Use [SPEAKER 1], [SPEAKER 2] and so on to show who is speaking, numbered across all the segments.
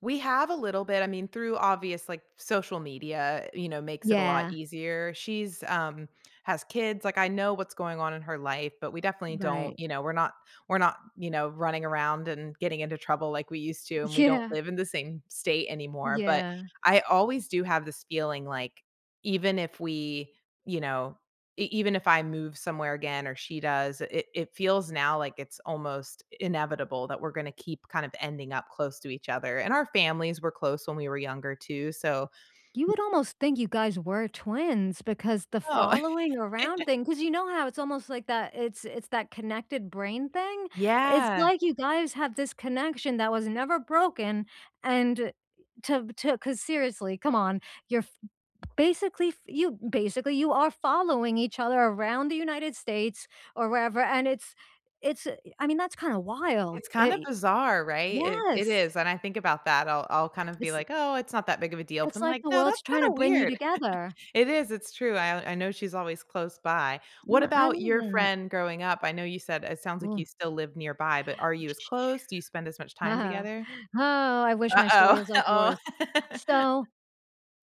[SPEAKER 1] We have a little bit, I mean, through, obvious like, social media, you know, makes it a lot
[SPEAKER 2] Yeah.
[SPEAKER 1] easier, she's, um has kids, like, I know what's going on in her life, but we definitely don't
[SPEAKER 2] Right.
[SPEAKER 1] you know, we're not we're not, you know, running around and getting into trouble like we used to, and we don't
[SPEAKER 2] Yeah.
[SPEAKER 1] live in the same state anymore, but
[SPEAKER 2] Yeah.
[SPEAKER 1] I always do have this feeling, like, even if we you know, e even if I move somewhere again or she does, it it feels now like it's almost inevitable that we're gonna keep, kind of ending up close to each other, and our families were close when we were younger, too, so
[SPEAKER 2] You
[SPEAKER 1] [unintelligible]
[SPEAKER 2] would almost think you guys were twins, because the
[SPEAKER 1] Oh.
[SPEAKER 2] following around thing 'cause you know how it's almost, like, that it's it's that connected brain thing? It's
[SPEAKER 1] Yeah.
[SPEAKER 2] like you guys have this connection that was never broken and to to 'cause seriously, come on, you're f basically f you basically, you are following each other around the United States- or wherever- and it's it's i I mean, that's kinda
[SPEAKER 1] It's
[SPEAKER 2] wild,
[SPEAKER 1] kinda
[SPEAKER 2] i
[SPEAKER 1] bizarre, right? It it
[SPEAKER 2] yes!
[SPEAKER 1] is, and I think about that, I'll I'll kind of be
[SPEAKER 2] It's a
[SPEAKER 1] like, "Oh, it's not that big of a deal." But,
[SPEAKER 2] it's
[SPEAKER 1] then I'm
[SPEAKER 2] like
[SPEAKER 1] like,
[SPEAKER 2] the
[SPEAKER 1] "No, that's
[SPEAKER 2] world's
[SPEAKER 1] kinda
[SPEAKER 2] tryna bring you
[SPEAKER 1] weird."
[SPEAKER 2] together.
[SPEAKER 1] It is, it's true, I I know she's always close by, what
[SPEAKER 2] No, I
[SPEAKER 1] about
[SPEAKER 2] love
[SPEAKER 1] your
[SPEAKER 2] that.
[SPEAKER 1] friend growing up? I know you said it sounds like
[SPEAKER 2] Oh
[SPEAKER 1] you still live nearby, but are you as close? Do you spend as much time
[SPEAKER 2] Oh,
[SPEAKER 1] together?
[SPEAKER 2] I wish my story
[SPEAKER 1] Uh-oh
[SPEAKER 2] was like yours.
[SPEAKER 1] oh.
[SPEAKER 2] So,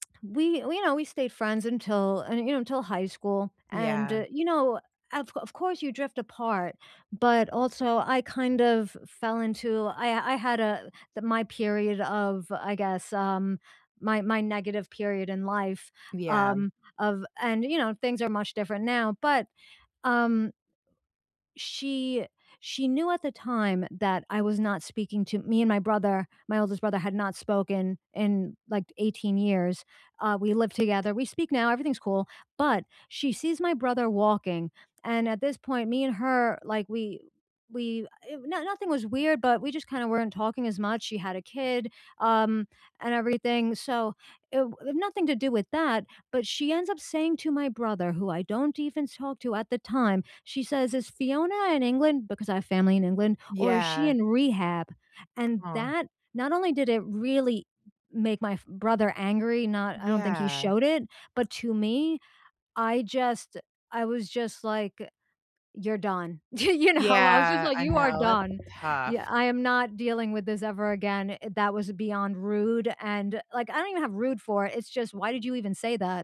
[SPEAKER 2] we you know, we stayed friends until, eh you know, until high school, and,
[SPEAKER 1] Yeah.
[SPEAKER 2] eh, you know, of of course you drift apart, but also I, kind of fell into I I had a the my period of, I guess um, my my negative period in life,
[SPEAKER 1] Yeah.
[SPEAKER 2] um, of and, you know, things are much different now, but, um she she knew at the time that I was not speaking to me and my brother- my oldest brother- had not spoken in, like, 18 years, uh, we live together, we speak now, everything's cool, but, she sees my brother walking, and at this point, me and her, like, we we eh no nothing was weird, but we just, kinda weren't talking as much, she had a kid, um, and everything, so it w nothing to do with that, but she ends up saying to my brother- who I don't even talk to at the time- she says, "Is Fiona in England?" Because, I have family in England. "Or, is she
[SPEAKER 1] Yeah.
[SPEAKER 2] in rehab?" And
[SPEAKER 1] Oh.
[SPEAKER 2] that not only did it really make my f brother angry, not I don't think he
[SPEAKER 1] Yeah.
[SPEAKER 2] showed it, but to me, I just I was just, like, eh, "You're done." You know? I was just
[SPEAKER 1] Yeah,
[SPEAKER 2] like,
[SPEAKER 1] I
[SPEAKER 2] "You are
[SPEAKER 1] know, that's
[SPEAKER 2] done." Yeah,
[SPEAKER 1] tough.
[SPEAKER 2] "I am not dealing with this ever again." That was beyond rude, and, like, I don't even have rude for it, it's just, why did you even say that?